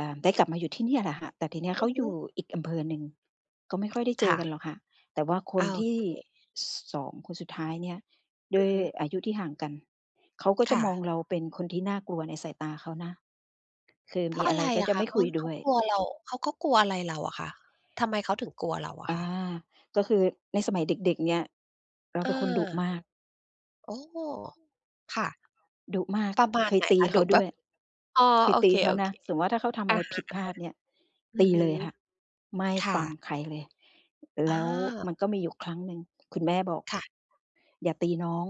อา ได้กลับมาอยู่ที่นี่แหละค่ะ แต่ทีนี้เอขืาอฮอยึ ู่อีกอำเภอหนึ่ง ก็ไม่ค่อยได้เจคอ่กัะ น หรอกค่ะ แต่ว่าคโอนทีเ่ ค ส 2 คนสุดท้ายเนี่ย ด้อืวอยฮึ อายุที่ห่างกัน เขาก็จคะ่มอะ งเรา เป็นคนที่น่ากลัวในสายตาเขานะ คือเพมรีาะ ออะะไร ไรก็อจะะคไมะ ่เขคา ุยเขด้าวย กลัว เรา เขาก็กลัวอะไรเราอะคะ ทำไมเขาถึงกลัวเราออะา คะ? ก็คือในสมัยเด็ก ๆ เนี่ย เราอเป็นคนดุา มาก โอ้ ค่ะ ดุมาก ประมาเคณยไหนตีคะ เขดุ าดแบ้วบ ย อ๋อ เคยโอตีเค เขานะ สมมุติว่า ถ้าเขาทำๆ ออะะไรฮผะ ิดพลาดเนี่ย ๆ อืตอีฮึ เลยค่ะ ไม่ค่ฟังะ ใครเลย แอล้วา มันก็มีอยู่ครั้งหนึ่ง คุณแม่บอก ค่ะ "อย่าตีน้อง"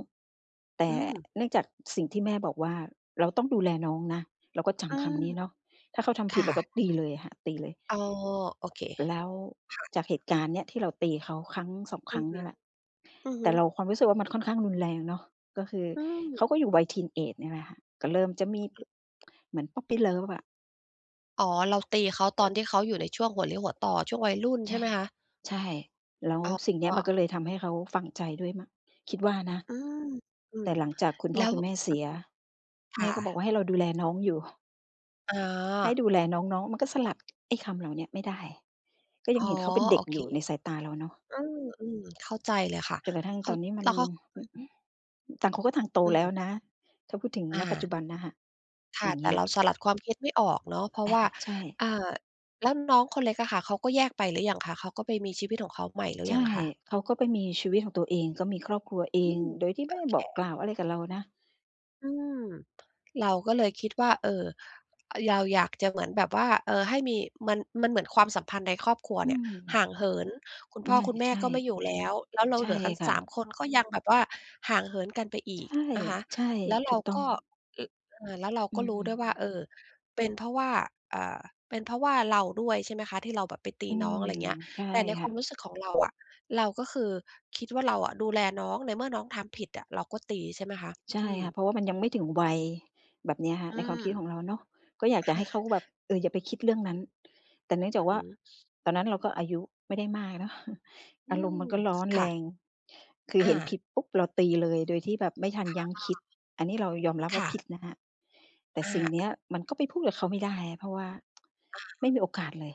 แต่อืม เนื่องจาก สิ่งที่แม่บอกว่า "เราต้องดูแลน้องนะ" เราก็จอืำคม ำนี้เนาะ ถ้าเขาทคำผิด ่เราก็ะ ตีเลยค่ะ ตีเลย อ๋อ โอเค แล้วค่ะ จากเหตุการณ์เนี้ย ที่เราตีเขา ครั้ง 2 คอรืั้องฮเนีึ ่ยแหละ อือฮแตึ ่เรา ความรู้สึกว่า มันค่อนข้างรุนแรงเนาะ ก็คืออืม เขาก็อยู่วัย ทีนเอจ เนี่ยแหละค่ะ ก็เริ่มจะมี เหมือน พอปปีเลิฟ อะ อ๋อ เราตีเขาตอนที่เขาอยู่ในช่วงหัวเลี้ยวหัวต่อ ช่วงวัยรุ่น ใใชช่่ ไหมคะ? ใช่ แล้วอ๋สิ่งเนี้ย มันอ ก็เลยทำให้เขาฝังใจด้วยมั้ง คิดว่านะ อืม อืแตอ ่หลังจากคุณแพล่้อ ว คุณแม่เสีย คแม่่ก็บอกวะ ่า "ให้เราดูแล น้องอยู่" อ๋ให้อ ดูแลน้อง ๆ มันก็สลัด ไอ้คำเหล่าเนี้ยไม่ได้ ก็ยอั๋งอ เห็นเขาเป็นเดโ็อกเอยค ู่ในสายตาเราเนาะ อืม ๆ เข้าใจเลยค่ะ จนกระทั่งเขตา อนนี้ มัแน ล้วเขา อือฮึ ต่างคน ก็ต่างโตอืแล้ม วนะ ถ้าพูดถึง อณ ปัจจา ุบันนะคะ คอ่ยะ ่างเงแตี่้ย เรา สลัดความคิดไม่ออกเนาะ เพราอะา ว่า ใช่ อ่า แล้วน้องคนเล็กอะค่ะ เขาก็แยกไปหรือยังคะ เขาก็ไปมีชีวิตของเขาใหม่ หรืใชอ่ ยังคะ? เขาก็ไปมีชีวิตของตัวเอง ก็มีครอบครัวเออืง ม โดยที่ไมโอ่ได้เค บอกกล่าวอะไรกับเรานะ อืม เราก็เลยคิดว่า เออ เราอยากจะเหมือนแบบว่า เออ ให้มี มัน มันเหมือนความสัมพันธ์ในครอบครัวอืเนี่ยม ห่างเหิน คุณพเน่อ ี่ย คุณแมใ่ช่ ก็ไม่อยู่แล้ว แล้วเราใชเหล่ือกัน ค่สะ าม คน ก็ยังแบบว่าห่างเหินกันไปอใีชก่ นะคะ ใช่ แล้วเถรูากต้อกง ็ แล้ว เออ แล้วเราอืก็รู้ด้วยว่า ม เออ เป็นเพราะว่า อ่า เป็นเพราะว่าเราด้วยใช่ไหมคะ ที่เราแบบไปตอีืน้อง ม อะไรอย่างเงี้ย ใช่แต่ในคค่วามะ รู้สึกของเราอะ เราก็คือคิดว่า เราอะดูแลน้องในเมื่อน้องทำผิดอะเราก็ตีใช่ไหมคะ? ใชอ่ืคม ่ะ เพราะว่า มันยังไม่ถึงวัยแบบเนี้ยค่ะ อืในความม คิดของเราเนาะ ก็อยาคกจะใ่ห้เขาะ แบบ เออ อย่าไปคิดเรื่องนั้น แต่เนื่องจากว่อืา อ ตอนนั้นเราก็อายุไม่ได้มากเนาะ อือารมณ์ม มันก็ร้อนคแร่ะ ง คืออเห็นผา ิดปุ๊บ เราตีเลย โดยที่แบบไม่ทันค่ยั้งคิะ ด อันนี้เรายอมรับคว่า ่ผะ ิดนะคะ แต่สิ่งอนีา ้มันก็ไปพูดกับเขาไม่ได้อะ เพราะว่า อะไมฮ่ะ มีโอกาสเลย